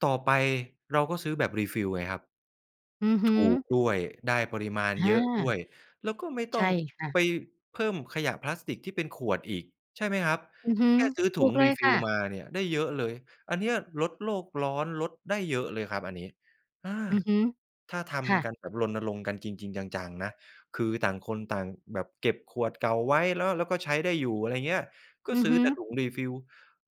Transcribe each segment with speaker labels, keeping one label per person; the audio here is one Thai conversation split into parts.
Speaker 1: ต่อไป เราก็ซื้อแบบ Refill ไงครับ
Speaker 2: อือฮ
Speaker 1: ถ
Speaker 2: ึ
Speaker 1: ูกด้วย ได้ปริมาณ
Speaker 2: อ
Speaker 1: เยอะด้ว
Speaker 2: า
Speaker 1: ย แล้วก็ไม่
Speaker 2: ใ
Speaker 1: ต
Speaker 2: ช
Speaker 1: ้อ
Speaker 2: ่
Speaker 1: ง
Speaker 2: ค่ะ
Speaker 1: ไปเพิ่มขยะพลาสติก ที่เป็นขวดอีก ใช่ไหมครับ
Speaker 2: อือฮึ
Speaker 1: แค่ซื้อ
Speaker 2: ถ
Speaker 1: ถ
Speaker 2: ู
Speaker 1: ุง
Speaker 2: กเลยค่
Speaker 1: Refill
Speaker 2: ะ
Speaker 1: มาเนี่ย ได้เยอะเลย อันเนี้ยลดโลกร้อน ลดได้เยอะเลยครับอันนี้ อา
Speaker 2: อือฮึ
Speaker 1: ถ้าท
Speaker 2: ค่
Speaker 1: ำ
Speaker 2: ะ
Speaker 1: กันแบบรณรงค์กันจริง ๆ จัง ๆ นะ คือต่างคนต่างแบบเก็บขวดเก่าไว้ แล้ว แล้วก็ใช้ได้อยู่ อะไรอย่างเงี้ย ก็
Speaker 2: อือ
Speaker 1: ซื้
Speaker 2: ฮ
Speaker 1: อ
Speaker 2: ึ
Speaker 1: แต่ถุง Refill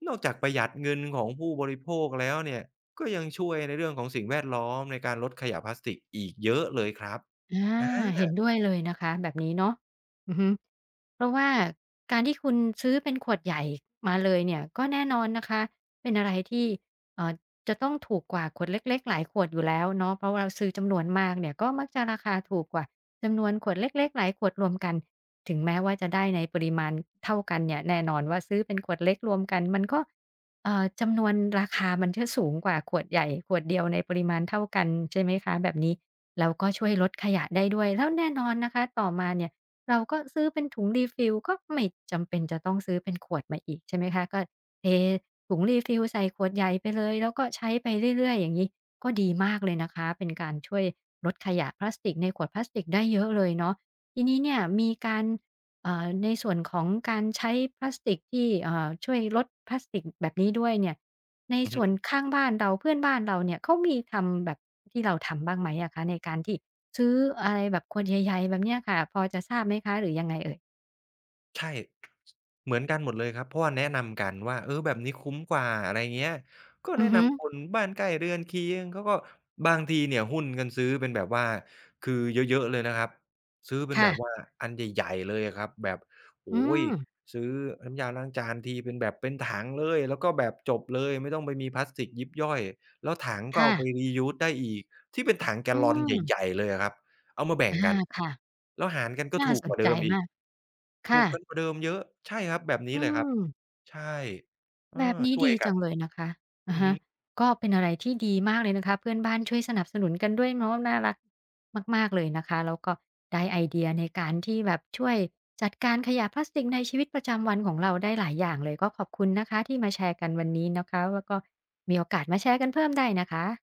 Speaker 1: นอกจากประหยัดเงินของผู้บริโภคแล้วเนี่ย ก็ยังช่วยในเรื่องของสิ่งแวดล้อม ในการลดขยะพลาสติกอีกเยอะเลยครับ
Speaker 2: อา
Speaker 1: อ
Speaker 2: เห็น
Speaker 1: า
Speaker 2: ด้วยเลยนะคะ แบบนี้เนาะ อือฮึ เพราะว่า
Speaker 1: อือ
Speaker 2: การที่คุณซื้อเป็นขวดใหญ่มาเลยเนี่ย ก็แน่นอนนะคะ เป็นอะไรที่ เอ่อ จะต้องถูกกว่าขวดเล็ก ๆ หลายขวดอยู่แล้วเนาะ เพราะว่าเราซื้อจำนวนมากเนี่ย ก็มักจะราคาถูกกว่าจำนวนขวดเล็ก ๆ หลายขวดรวมกัน ถึงแม้ว่าจะได้ในปริมาณเท่ากันเนี่ย แน่นอนว่าซื้อเป็น ขวดเล็กรวมกันมันก็ เอ่อ จำนวน ราคามันจะสูงกว่าขวดใหญ่ขวดเดียวในปริมาณเท่ากัน ใช่ไหมคะ แบบนี้ แล้วก็ช่วยลดขยะได้ด้วย แล้วแน่นอนนะคะ ต่อมาเนี่ยเราก็ซื้อเป็นถุง Refill ก็ไม่จำเป็นจะต้องซื้อเป็น ขวดมาอีก ใช่ไหมคะ ก็เท ถุง Refill ใส่ขวดใหญ่ไปเลย แล้วก็ใช้ไปเรื่อย ๆ อย่างงี้ ก็ดีมากเลยนะคะ เป็น การช่วยลดขยะพลาสติกในขวดพลาสติกได้เยอะเลยเนาะ ทีนี้เนี่ยมีการ เอ่อ ในส่วนของการใช้พลาสติกที่ เอ่อ ช่วยลดพลาสติกแบบนี้ด้วยเนี่ย ใน
Speaker 1: อืม
Speaker 2: ส
Speaker 1: ฮ
Speaker 2: ่วน
Speaker 1: ึ
Speaker 2: ข้างบ้านเรา เพื่อนบ้านเราเนี่ย เขามีทำแบบที่เราทำบ้างไหมอะคะ ในการที่ซื้ออะไร แบบขวดใหญ่ ๆ แบบเนี้ยค่ะ พอจะทราบไหมคะ หรือยังไงเอ่ย?
Speaker 1: ใช่ เหมือนกันหมดเลยครับ เพราะว่าแนะนำกันว่า เออ แบบนี้คุ้มกว่า อะไรเงี้ย ก็
Speaker 2: อ
Speaker 1: แ
Speaker 2: ื
Speaker 1: นะ
Speaker 2: อฮ
Speaker 1: น
Speaker 2: ึ
Speaker 1: ำคนบ้านใกล้เรือนเคียง เขาก็ บางทีเนี่ยหุ้นกันซื้อเป็นแบบว่า คือเยอะ ๆ เลยนะครับ ซื้อเป็
Speaker 2: ค
Speaker 1: นแบ
Speaker 2: ่ะ
Speaker 1: บว่าอันใหญ่ ๆ เลยอะครับ แบบ โอ
Speaker 2: อ
Speaker 1: ้!
Speaker 2: ืม
Speaker 1: ซื้อน้ำยาล้างจานทีเป็นแบบเป็นถังเลย แล้วก็แบบจบเลย ไม่ต้องไปมีพลาสติกยิบย่อย แล้วถังก
Speaker 2: ค
Speaker 1: ็
Speaker 2: ่
Speaker 1: เอาไ
Speaker 2: ะ
Speaker 1: ป Reuse ได้อีก ที่เป็นถังแก
Speaker 2: อื
Speaker 1: ลลอนใ
Speaker 2: ม
Speaker 1: หญ่ ๆ เลยอะครับ เอามาแบ่
Speaker 2: อ
Speaker 1: ง
Speaker 2: า
Speaker 1: กัน
Speaker 2: ค่ะ
Speaker 1: แล้วหารกันก็
Speaker 2: น่
Speaker 1: ถ
Speaker 2: า
Speaker 1: ูก
Speaker 2: ส
Speaker 1: กว
Speaker 2: น
Speaker 1: ่าเด
Speaker 2: ใจ
Speaker 1: ิมอี
Speaker 2: ม
Speaker 1: ก
Speaker 2: าก
Speaker 1: ถ
Speaker 2: ค
Speaker 1: ู
Speaker 2: ่
Speaker 1: ก
Speaker 2: ะ
Speaker 1: กันกว่าเดิมเยอะ ใช่ครับ แบบนี
Speaker 2: อ
Speaker 1: ้
Speaker 2: ื
Speaker 1: เลยครับ
Speaker 2: ม
Speaker 1: ใช่ เออ
Speaker 2: แบบนี้
Speaker 1: ช่
Speaker 2: ด
Speaker 1: วย
Speaker 2: ี
Speaker 1: ก
Speaker 2: จ
Speaker 1: ั
Speaker 2: ั
Speaker 1: น
Speaker 2: งเลยนะคะ อ
Speaker 1: อ
Speaker 2: ะ
Speaker 1: ือ
Speaker 2: ฮ
Speaker 1: ฮ
Speaker 2: ะ
Speaker 1: ึ
Speaker 2: ก็เป็นอะไรที่ดีมากเลยนะคะ เพื่อนบ้านช่วยสนับสนุนกันด้วยเนาะ น่ารักมาก ๆ เลยนะคะ แล้วก็ได้ไอเดียในการที่แบบช่วยจัดการขยะพลาสติก ในชีวิตประจำวันของเราได้หลายอย่างเลย ก็ขอบคุณนะคะที่มาแชร์กันวันนี้ เนาะคะ แล้วก็มีโอกาสมาแชร์กันเพิ่ม ได้นะคะ